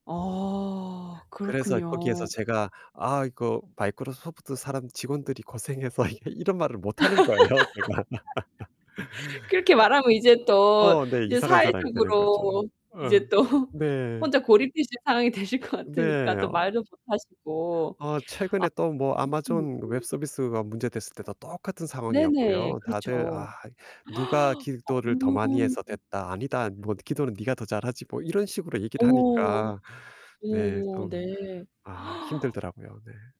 어. 그래서 거기에서 그렇군요. 제가 "아 이거 Microsoft 사람, 직원들이 고생해서" 이 이런 말을 못 하는 거예요 제가. 그렇게 말하면 이제 또 어 네. 이제 이상한 사람이 되는 거죠. 사회적으로 이제 응. 또 네. 혼자 고립되실 상황이 되실 것 네. 같으니까 또 어. 말도 못 하시고. 어 최근에 또 뭐 아. Amazon 웹 혹시 못 [unintelligible] 서비스가 문제 됐을 때도 똑같은 네, 네. 상황이었고요. 다들 그렇죠. "아 누가 기도를 더 어. 많이 해서 됐다." "아니다. 뭐 기도는 네가 더 잘하지." 뭐 이런 식으로 얘기를 오. 하니까. 네. 오. 좀 네. 아 힘들더라고요. 네.